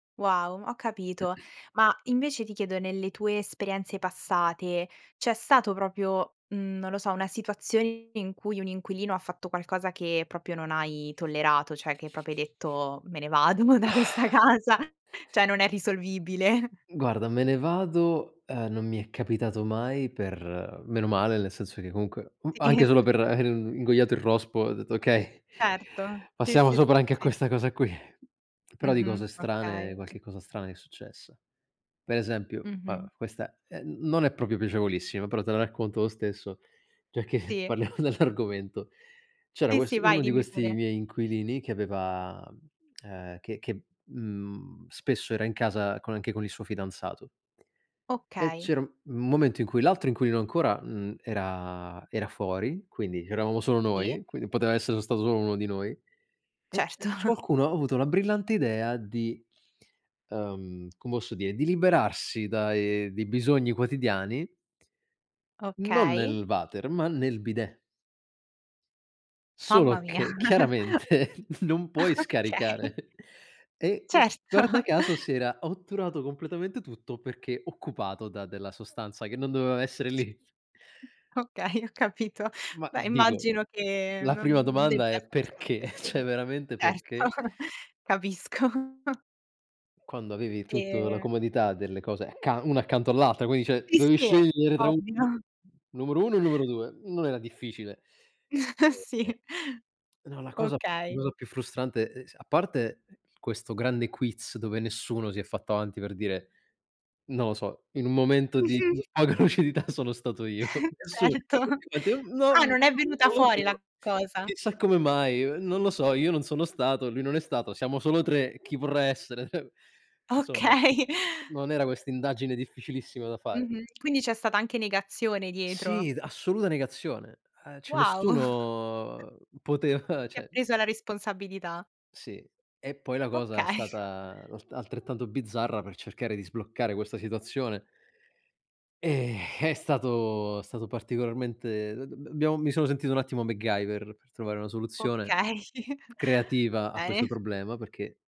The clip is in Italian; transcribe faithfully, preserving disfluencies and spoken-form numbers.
Wow, ho capito. Ma invece ti chiedo, nelle tue esperienze passate c'è stato propio, mhmm, non lo so, una situazione in cui un inquilino ha fatto qualcosa che propio non hai tollerato, cioè che propio hai detto: "Me ne vado mo' da questa casa, cioè non è risolvibile". Guarda "me ne vado", ehm, non mi è capitato mai per meno male nel senso che comunque, mhmm, anche Sì. solo per aver ingoiato il rospo ho detto: "Okay, Certo, sì, passiamo sì, s sopra anche a sì. questa cosa qui". Però di Mh-mh, cose strane okay. qualche cosa strana mi è successa. Per esempio, va beh Mh-mh. questa è n non è propio piacevolissima, però te la racconto lo stesso, giacché Sì. parliamo dell'argomento. C'era Sì, quest sì, vai, uno di dimmi questi pure. miei inquilini che aveva, mhmm, ehm, che che, mhmm, spesso era in casa con anche con il suo fidanzato. E Okay. c'era un un momento in cui l'altro inquilino ancora n era era fuori, quindi c'eravamo solo Sì. noi, quindi poteva essere stato solo uno di noi e e Certo. c qualcuno ha avuto la brillante idea di ehm, come osso dire, di liberarsi dai dei bisogni quotidiani, non Okay. nel water ma nel bidet. Mamma Solo mia. che chiaramente non puoi Okay. scaricare e, ehm, guarda Certo. caso si era otturato completamente tutto perché occupato da della sostanza che non doveva essere lì. Mh, okay, ho capito. Ma Beh, dico, immagino che la prima non domanda debba è: essere stato "Perché?" ceh piacevole. veramente Certo, perché capisco. quando avevi tutto la E comodità delle cose accan una accanto all'altra, quindi ceh, Sì, dovevi sì, scegliere tra un [unintelligible] ovvio. numero uno o numero due. Non era difficile. E Sì. ehm, no, la cosa la Okay. cosa più frustrante, e s a parte questo grande quiz, dove nessuno si è fatto avanti per dire, non lo so: "In un momento di Mh-mh. poca lucidità, sono stato io". Nessuno. Certo. Ma ti Ah non non è venuta fuori [unintelligible] la cosa? "Chissà come mai, ehm, non lo so, io non sono stato, lui non è stato, siamo solo tre, chi vorrà essere?" ceh, insomma, Okay. non era questa indagine difficilissima da fare. Mh-mh. Quindi c'è stata anche negazione dietro? Sì, d assoluta negazione. Eh ceh Wow. nessuno poteva Si è ceh preso la responsabilità. Sì. E poi la cosa è Okay. stata l altrettanto bizzarra per cercare di sbloccare questa situazione. E è stato è stato particolarmente d d b abbiamo mi sono sentito un attimo MacGyver per trovare una soluzione Okay, creativa a questo bene. problema perché